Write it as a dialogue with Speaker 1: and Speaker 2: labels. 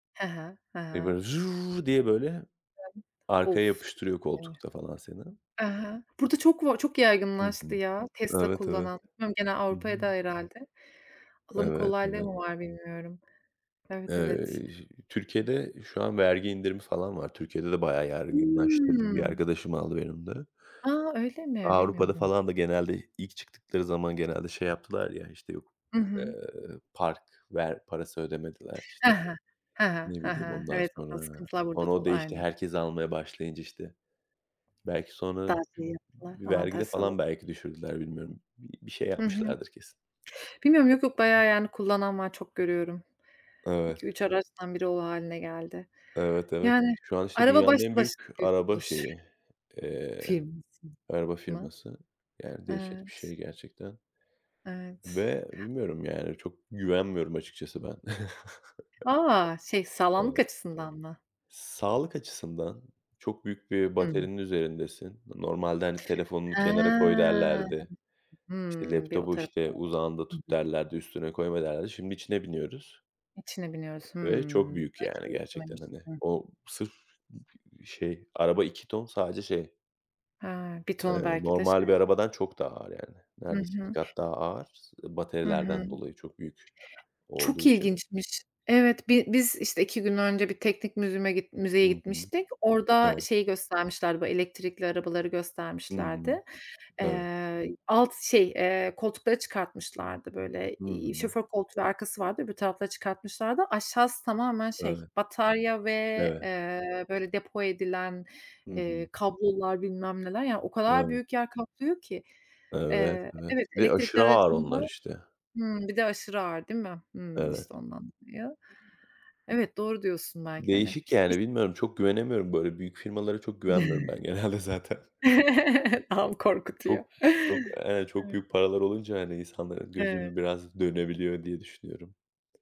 Speaker 1: He he, he
Speaker 2: Ve "böyle"
Speaker 1: he.
Speaker 2: diye böyle
Speaker 1: [unintelligible]
Speaker 2: arkaya
Speaker 1: Of! Çok
Speaker 2: yapıştırıyor
Speaker 1: iyi.
Speaker 2: koltukta falan seni.
Speaker 1: Hı hı. Burada çok var çok
Speaker 2: Hı hı.
Speaker 1: yaygınlaştı ya, Tesla
Speaker 2: Evet, evet.
Speaker 1: kullanan. Bilmiyorum gene
Speaker 2: Hı
Speaker 1: Avrupaya'da
Speaker 2: hı.
Speaker 1: herhâlde alım
Speaker 2: Evet,
Speaker 1: kolaylığı
Speaker 2: evet.
Speaker 1: mı var bilmiyorum Evet, evet.
Speaker 2: Eee, j Türkiye'de şu an vergi indirimi falan var. Türkiye'de de bayağı yaygınlaştı. Bir
Speaker 1: Hımm.
Speaker 2: arkadaşım aldı benim de.
Speaker 1: A! Öyle mi?
Speaker 2: Avrupa'da
Speaker 1: Bilmiyordum.
Speaker 2: falan da genelde i ilk çıktıkları zaman genelde şey yaptılar ya işte yok,
Speaker 1: Hı hı.
Speaker 2: eee, park ver parası ödemediler
Speaker 1: He
Speaker 2: işte.
Speaker 1: he, he he,
Speaker 2: Ne
Speaker 1: he
Speaker 2: bileyim
Speaker 1: he,
Speaker 2: ondan
Speaker 1: evet, o tarz
Speaker 2: sonra.
Speaker 1: sıkıntılar burada da
Speaker 2: [unintelligible]
Speaker 1: oldu.
Speaker 2: değişti.
Speaker 1: Aynen.
Speaker 2: Herkes almaya başlayınca işte belki sonra
Speaker 1: Daha şey yaptılar,
Speaker 2: v vergide
Speaker 1: avantaj
Speaker 2: falan
Speaker 1: sağladılar.
Speaker 2: belki düşürdüler bilmiyorum. Bi bir şey
Speaker 1: Hı hı.
Speaker 2: yapmışlardır kesin.
Speaker 1: Bilmiyorum, yok yok, bayağı yani kullanan var, çok görüyorum.
Speaker 2: Evet.
Speaker 1: 2-3 araçtan 1'i o hâline geldi.
Speaker 2: Evet, evet.
Speaker 1: Yani
Speaker 2: Şu an işte
Speaker 1: araba
Speaker 2: dünyanın
Speaker 1: başlı
Speaker 2: en
Speaker 1: başına
Speaker 2: büyük
Speaker 1: büyük bir
Speaker 2: araba
Speaker 1: buluş.
Speaker 2: şeyi, eee, araba firması.
Speaker 1: [unintelligible]
Speaker 2: Yani dehşet bir
Speaker 1: Evet.
Speaker 2: şey gerçekten.
Speaker 1: Evet.
Speaker 2: Ve bilmiyorum yani çok güvenmiyorum açıkçası ben.
Speaker 1: A! Şey, sağlamlık
Speaker 2: Evet.
Speaker 1: açısından mı?
Speaker 2: Sağlık açısından çok büyük bir
Speaker 1: Hımm.
Speaker 2: baterinin üzerindesin. Normalde hani, "Telefonunu
Speaker 1: He.
Speaker 2: kenara koy," derlerdi. İşte,
Speaker 1: Hıı, bir o
Speaker 2: "Laptopu
Speaker 1: tarafı.
Speaker 2: işte uzağında
Speaker 1: [unintelligible] Hı
Speaker 2: tut,"
Speaker 1: hı.
Speaker 2: derlerdi, "Üstüne koyma," derlerdi. Şimdi içine biniyoruz...
Speaker 1: İçine biniyoruz.
Speaker 2: ve çok
Speaker 1: Hımm.
Speaker 2: büyük
Speaker 1: Hiç
Speaker 2: yani
Speaker 1: öyle
Speaker 2: gerçekten hani,
Speaker 1: düşünmemiştim.
Speaker 2: o sırf ı p şey araba 2 ton sadece şey
Speaker 1: He, 1 ton
Speaker 2: eee,
Speaker 1: belki de şey.
Speaker 2: normal bir arabadan çok daha ağır yani.
Speaker 1: Hı
Speaker 2: Neredeyse 2
Speaker 1: hı.
Speaker 2: kat daha ağır. S e
Speaker 1: Hı hı.
Speaker 2: baterilerden dolayı çok büyük
Speaker 1: Çok
Speaker 2: olduğu için.
Speaker 1: ilginçmiş. Evet, bi biz işte 2 gün önce bir teknik museum'a
Speaker 2: Hı
Speaker 1: müzeye
Speaker 2: hı.
Speaker 1: gitmiştik. Orada
Speaker 2: Evet.
Speaker 1: şeyi göstermişlerdi, bu elektrikli arabaları
Speaker 2: Hı hı.
Speaker 1: göstermişlerdi.
Speaker 2: Tabii.
Speaker 1: Eee, alt şey, eee, koltukları çıkartmışlardı böyle.
Speaker 2: Hı
Speaker 1: Eee,
Speaker 2: hı.
Speaker 1: şoför koltuğu ve arkası vardı. Öbür tarafları çıkartmışlardı. Aşağısı tamamen şey
Speaker 2: Öyle.
Speaker 1: batarya ve,
Speaker 2: Evet.
Speaker 1: eee, böyle depo edilen,
Speaker 2: Hı hı.
Speaker 1: eee, kablolar bilmem neler. Yani o kadar
Speaker 2: Evet.
Speaker 1: büyük yer kaplıyor ki.
Speaker 2: Evet,
Speaker 1: Eee,
Speaker 2: evet
Speaker 1: evet,
Speaker 2: ve
Speaker 1: elektrikli
Speaker 2: aşırı ağır
Speaker 1: aracın
Speaker 2: onlar
Speaker 1: da
Speaker 2: işte.
Speaker 1: Hımm, bir de aşırı ağır değil mi? Hımm,
Speaker 2: Evet.
Speaker 1: işte, ondan dolayı. Evet, doğru diyorsun belki hani.
Speaker 2: Değişik
Speaker 1: İs
Speaker 2: yani bilmiyorum, çok güvenemiyorum. Böyle büyük firmalara çok güvenmiyorum ben genelde zaten.
Speaker 1: Tam
Speaker 2: Çok
Speaker 1: korkutuyor.
Speaker 2: çok,
Speaker 1: Evet.
Speaker 2: eee, çok büyük paralar olunca hani insanların gözü
Speaker 1: Evet.
Speaker 2: de biraz dönebiliyor diye düşünüyorum.